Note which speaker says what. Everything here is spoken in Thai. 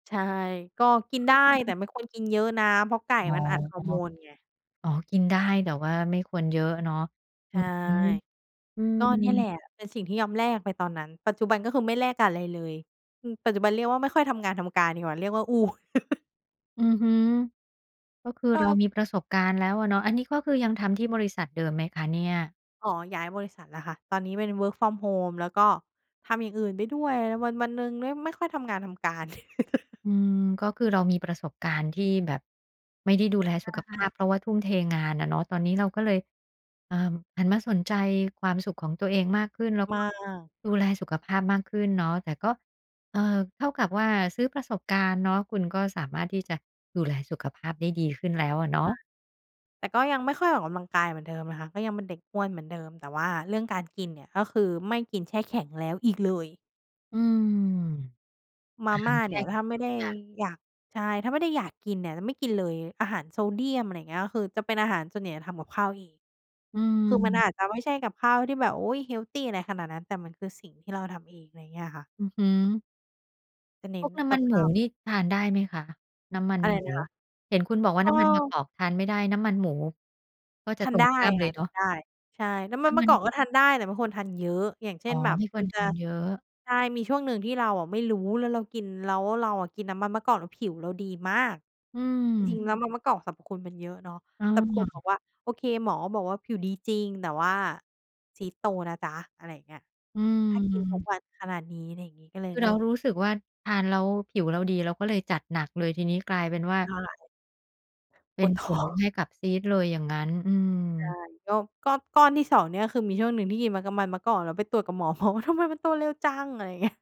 Speaker 1: ใช่ ก็กินได้
Speaker 2: อื
Speaker 1: แต
Speaker 2: ม
Speaker 1: ่ไม่ควรกินเยอะนะ เพราะไก่
Speaker 2: อ๋อ
Speaker 1: มันอัดฮอร์โมนไง
Speaker 2: อ๋อ กินได้ แต่ว่าไม่ควรเยอะเนาะ
Speaker 1: ใ
Speaker 2: อ
Speaker 1: ช
Speaker 2: ื
Speaker 1: ่
Speaker 2: อฮึ อื
Speaker 1: ก็เนี่ยแหล
Speaker 2: ม
Speaker 1: ะเป็นสิ่งที่ยอมแลกไปตอนนั้น ปัจจุบันก็คือไม่แลกอะไรเลย ปัจจุบันเรียกว่าไม่ค่อยทำงานทำการดีกว่า เรียกว่า อู้
Speaker 2: อือฮึ ก็คือ
Speaker 1: ก
Speaker 2: เรา
Speaker 1: ็
Speaker 2: มีประสบการณ์แล้วอะเนาะ อันนี้ก็คือยังทำที่บริษัทเดิมไหมคะเนี่ย?
Speaker 1: อ๋อ ย้ายบริษัทแล้วค่ะ ตอนนี้เป็น Work from Home แล้วก็ทำอย่างอื่นไปด้วย วัน ๆ หนึ่งไม่ ไม่ค่อยทำงานทำการ
Speaker 2: อืม ก็คือเรามีประสบการณ์ที่แบบ ไม่ได้ดูแล
Speaker 1: ใ
Speaker 2: ส
Speaker 1: ช
Speaker 2: ุขภ
Speaker 1: ่
Speaker 2: าพ เพราะว่าทุ่มเทงานอะเนาะ ตอนนี้เราก็เลย อ่า หันมาสนใจความสุขของตัวเองมากขึ้น แล้ว
Speaker 1: ม
Speaker 2: ก
Speaker 1: า
Speaker 2: ็
Speaker 1: ก
Speaker 2: ดูแลสุขภาพมากขึ้นเนาะ แต่ก็ เอ่อ เท่ากับว่าซื้อประสบการณ์เนาะ คุณก็สามารถที่จะดูแลสุขภาพได้ดีขึ้นแล้วอะเน
Speaker 1: ใช
Speaker 2: าะ
Speaker 1: ่ แต่ก็ยังไม่ค่อยออกกำลังกายเหมือนเดิมนะคะ ก็ยังเป็นเด็กอ้วนเหมือนเดิม แต่ว่าเรื่องการกินเนี่ยก็คือไม่กินแช่แข็งแล้วอีกเลย
Speaker 2: อืม
Speaker 1: ม
Speaker 2: อ
Speaker 1: า
Speaker 2: าห
Speaker 1: ม
Speaker 2: า
Speaker 1: ่
Speaker 2: ร
Speaker 1: า
Speaker 2: แช
Speaker 1: เน
Speaker 2: ่
Speaker 1: ี่ย
Speaker 2: แ
Speaker 1: ถ
Speaker 2: ข
Speaker 1: ้
Speaker 2: ็
Speaker 1: า
Speaker 2: ง
Speaker 1: ไม่
Speaker 2: ทุ
Speaker 1: ไ
Speaker 2: ก
Speaker 1: ด้
Speaker 2: อย่าง
Speaker 1: อยาก ใช่ ถ้าไม่ได้อยากกินเนี่ยไม่กินเลย อาหารโซเดียม อะไรอย่างเงี้ย ก็คือจะเป็นอาหาร ส่วนใหญ่ทำกับข้าวเอง
Speaker 2: อื
Speaker 1: คือมัน
Speaker 2: ม
Speaker 1: อาจจะไม่ใช่กับข้าวที่แบบ อุ๊ย เฮลทีอะไรขนาดนั้น แต่มันคือสิ่งที่เราทำเอง อะไรอย่างเงี้ยค่ะ
Speaker 2: อือฮึ
Speaker 1: จะเน
Speaker 2: พ
Speaker 1: ้
Speaker 2: ว
Speaker 1: น
Speaker 2: กน้
Speaker 1: ก
Speaker 2: ำม
Speaker 1: ั
Speaker 2: ั
Speaker 1: บ
Speaker 2: น
Speaker 1: ข
Speaker 2: หมู
Speaker 1: ้าว
Speaker 2: นี่ทานได้ไหมคะ? น้ำมัน
Speaker 1: อะไร
Speaker 2: หมู
Speaker 1: นะคะ
Speaker 2: เห็นคุณบอกว่า
Speaker 1: เอ
Speaker 2: น้ำมันมะก
Speaker 1: อ
Speaker 2: อกทานไม่ได้ น้ำมันหมูก็จ
Speaker 1: ท
Speaker 2: ะ
Speaker 1: า
Speaker 2: ต
Speaker 1: น
Speaker 2: ร
Speaker 1: ได
Speaker 2: ง
Speaker 1: ้
Speaker 2: ข้ามเล
Speaker 1: ค่
Speaker 2: ย
Speaker 1: ะ
Speaker 2: เนา
Speaker 1: ทา
Speaker 2: ะ
Speaker 1: นได้ ใช่ น้ำม
Speaker 2: น
Speaker 1: ั
Speaker 2: ้
Speaker 1: น
Speaker 2: ำ
Speaker 1: ม
Speaker 2: ม
Speaker 1: ะ
Speaker 2: ั
Speaker 1: กอก
Speaker 2: น
Speaker 1: ก็ทานได้แต่ไม่ควรทานเยอะ อย่างเช
Speaker 2: อ
Speaker 1: ่
Speaker 2: ๋อ
Speaker 1: นแบบ
Speaker 2: ไม่ค
Speaker 1: ม
Speaker 2: ว
Speaker 1: ั
Speaker 2: ร
Speaker 1: น
Speaker 2: ท
Speaker 1: จะ
Speaker 2: านเยอะ
Speaker 1: ใช่ มีช่วงหนึ่งที่เราไม่รู้แล้วเรากิน แล้วเราอะกินน้ำมันมะกอกแล้วผิวเราดีมาก
Speaker 2: อื
Speaker 1: จริง
Speaker 2: ม
Speaker 1: ๆ แล้วน้ำมันมะกอกสรรพคุณมันเยอะเนาะ
Speaker 2: อ
Speaker 1: แต่ปรากฏบ
Speaker 2: า
Speaker 1: อกว่าโอเค หมอบอกว่าผิวดีจริง แต่ว่าซีสต์โตนะจ๊ะ อะไรอย่างเงี้ย
Speaker 2: อื
Speaker 1: ถ้ากินทุก
Speaker 2: ม
Speaker 1: วันขนาดนี้อะไรอย่างงี้ก็เลย
Speaker 2: คือ
Speaker 1: เ
Speaker 2: เ
Speaker 1: ล
Speaker 2: ร
Speaker 1: ิ
Speaker 2: า
Speaker 1: ก
Speaker 2: รู้สึกว่าทานแล้วผิวเราดีเราก็เลยจัดหนักเลย ทีนี้กลายเป็นว่า
Speaker 1: เท่าไร
Speaker 2: เป็
Speaker 1: ป
Speaker 2: น
Speaker 1: วด
Speaker 2: ผ
Speaker 1: ท้อ
Speaker 2: ลใ
Speaker 1: ง
Speaker 2: ห้กับซีสต์เลยอย่างงั้น อืม
Speaker 1: ใช่ ก็ ก็ก้อนที่ 2 เนี่ยคือมีช่วงหนึ่งที่กินน้ำมันมันมะกอกแล้วไปตรวจกับ หมอว่า "ทำไมมันโตเร็วจัง" อะไรอย่างเงี้ย